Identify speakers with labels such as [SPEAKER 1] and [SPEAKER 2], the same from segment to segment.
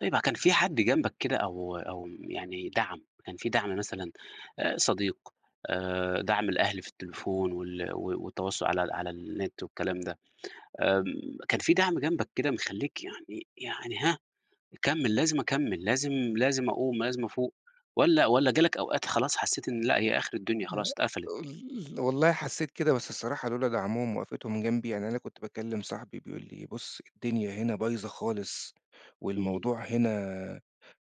[SPEAKER 1] طيب كان في حد جنبَك كده أو أو يعني دَعْم، كان في دَعْم مثلًا، آآ صديق، آآ، دَعْم الأهل في التليفون، وال و والتواصل على على النت والكلام ده، آمم، كان في دَعْم جنبَك كده مخلِّيك يعني يعني هاه، يكمل، لازم أكمّل، لازم لازم أقُوم، لازم أفوق، والّا والّا جالَك أوقات خلاص حسّيت إن لأ هي آخر الدُنيا
[SPEAKER 2] لأ،
[SPEAKER 1] خلاص اتقفلت؟
[SPEAKER 2] آآ، والله حسّيت كده، بس الصراحة لولا دِعْمهم ووقفتهم جنبي، يعني أنا كنت باكلم صاحبي بيقول لي إيه: "بُص الدِنيا هنا بايظة خالص،
[SPEAKER 1] إمم.
[SPEAKER 2] والموضوع هنا،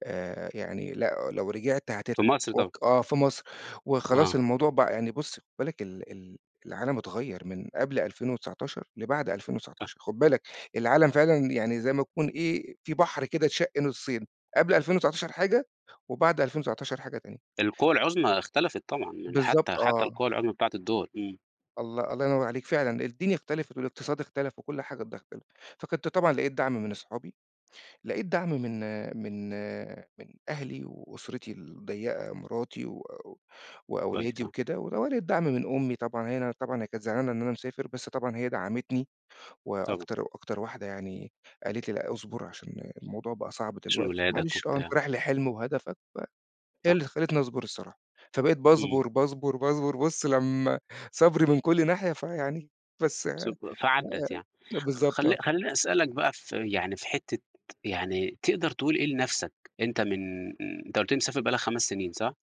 [SPEAKER 2] آآ، يعني لأ لو رجعت هتتعب
[SPEAKER 1] في مصر طبعًا؟
[SPEAKER 2] وك" آه في مصر وخلاص
[SPEAKER 1] آه.
[SPEAKER 2] الموضوع بقى يعني بُص خد بالك ال ال العالم اتغيَّر من قبل 2019 لبعد ألفين
[SPEAKER 1] صح.
[SPEAKER 2] وتسعتاشر خد بالك العالم فعلًا يعني زي ما يكون إيه، في بحر كده اتشق نُصِّين قبل 2019 حاجة وبعد 2019 حاجة تانية
[SPEAKER 1] القوى العُظمى اختلفت طبعًا يعني،
[SPEAKER 2] بالضبط
[SPEAKER 1] حتى حتى
[SPEAKER 2] آه.
[SPEAKER 1] القوى العُظمى بتاعة الدول، إمم.
[SPEAKER 2] الله الله ينوّر عليك، فعلًا الدنيا اختلفت والاقتصاد اختلف وكل حاجة ده اختلف. فكنت طبعًا لقيت دَعْم من أصحابي، لقيت دَعْم من من من أهلي وأُسْرتي الضيّقة، مراتي و و
[SPEAKER 1] كويس،
[SPEAKER 2] وأولادي
[SPEAKER 1] آه.
[SPEAKER 2] وكده، و ولقيت دَعْم من أمي طبعًا هنا، أنا طبعًا هي كانت زعلانة إن أنا مسافر، بس طبعًا هي دَعَمتني
[SPEAKER 1] طبعًا.
[SPEAKER 2] وأكتر وأكتر واحدة يعني قالت لي لأ اصبر، علشان الموضوع بقى صعب
[SPEAKER 1] تشوف
[SPEAKER 2] دلوقتي،
[SPEAKER 1] ولادَك
[SPEAKER 2] معلش آه أنت
[SPEAKER 1] وبتاع.
[SPEAKER 2] رايح لحلم وهدفَك، ف هي
[SPEAKER 1] صح.
[SPEAKER 2] اللي خلِّتني أصبر الصراحة. فبقيت
[SPEAKER 1] إمم.
[SPEAKER 2] باصبر، باصبر، باصبر، بُص لمّا صبري من كل ناحية فيعني بس،
[SPEAKER 1] سب فعدّت يعني.
[SPEAKER 2] آآ، بالضبط
[SPEAKER 1] خل
[SPEAKER 2] آه.
[SPEAKER 1] خلّيني أسألك بقى في يعني في حتّة يعني تقدر تقول إيه لنفْسَك؟ أنت من آآ، أنت قُلت لي مسافر بقى لَك 5 سنين صح؟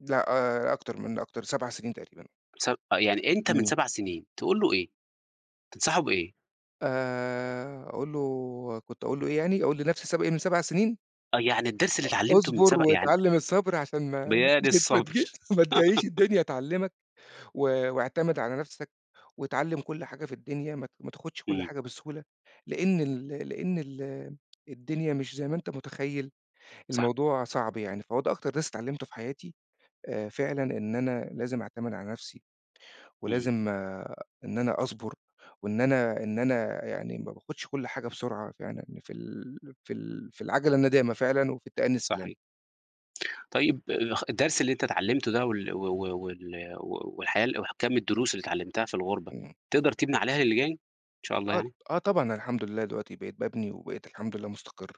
[SPEAKER 2] لأ، آآ، أكتر من أكتر 7 سنين تقريبًا.
[SPEAKER 1] سب يعني أنت من
[SPEAKER 2] إمم.
[SPEAKER 1] 7 سنين تقول له إيه؟ تنصحه بإيه؟
[SPEAKER 2] آآ، أقول له كنت أقول له إيه يعني؟ أقول لنفْسِي السب إيه من 7 سنين؟
[SPEAKER 1] آه يعني الدرس
[SPEAKER 2] أُ
[SPEAKER 1] اللي اتعلمته من
[SPEAKER 2] اصبر
[SPEAKER 1] سبع يعني
[SPEAKER 2] واتعلم الصبر؛ علشان ما
[SPEAKER 1] ب
[SPEAKER 2] ما
[SPEAKER 1] يا دي
[SPEAKER 2] تج ما تجيش
[SPEAKER 1] الصبر.
[SPEAKER 2] ما تجيش الدنيا تعلمَك، و واعتمد على نفْسَك، واتعلم كل حاجة في الدنيا ما ت ما تاخدش كل
[SPEAKER 1] إمم.
[SPEAKER 2] حاجة بسهولة؛ لأن ال لأن ال الدنيا مش زي ما أنت متخيّل،
[SPEAKER 1] صح.
[SPEAKER 2] الموضوع صعب يعني. فهو ده أكتر درس اتعلمته في حياتي، آآ، فعلًا إن أنا لازم أعتمد على نفْسِي،
[SPEAKER 1] إمم.
[SPEAKER 2] ولازم إن أنا أصبر، وإن أنا إن أنا يعني، ما باخدش كل حاجة بسرعة، فيعني إن في ال في ال في العَجلة الندامة فعلًا، وفي التأني
[SPEAKER 1] صحيح.
[SPEAKER 2] السلامة.
[SPEAKER 1] طيب خ الدرس اللي أنت اتعلمته ده وال و و وال والحياة وكمّ الدروس اللي اتعلمتها في الغُربة،
[SPEAKER 2] إمم.
[SPEAKER 1] تقدر تبني عليها اللي جاي إن شاء الله
[SPEAKER 2] آه ط
[SPEAKER 1] يعني؟
[SPEAKER 2] آه طبعًا أنا الحمد لله دلوقتي بقيت بابني، وبقيت الحمد لله مستقر،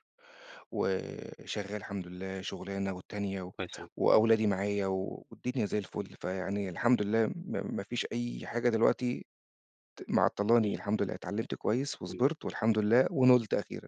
[SPEAKER 2] وشغال الحمد لله شُغلانة والتانية و
[SPEAKER 1] طيب سامعك.
[SPEAKER 2] وأولادي معايا، والدنيا زي الفُل، فيعني الحمد لله، م ما فيش أي حاجة دلوقتي ت معطَّلاني،
[SPEAKER 1] إمم.
[SPEAKER 2] الحمد لله اتعلمت كويس
[SPEAKER 1] إمم
[SPEAKER 2] وصبرت والحمد لله ونُلت أخيرًا.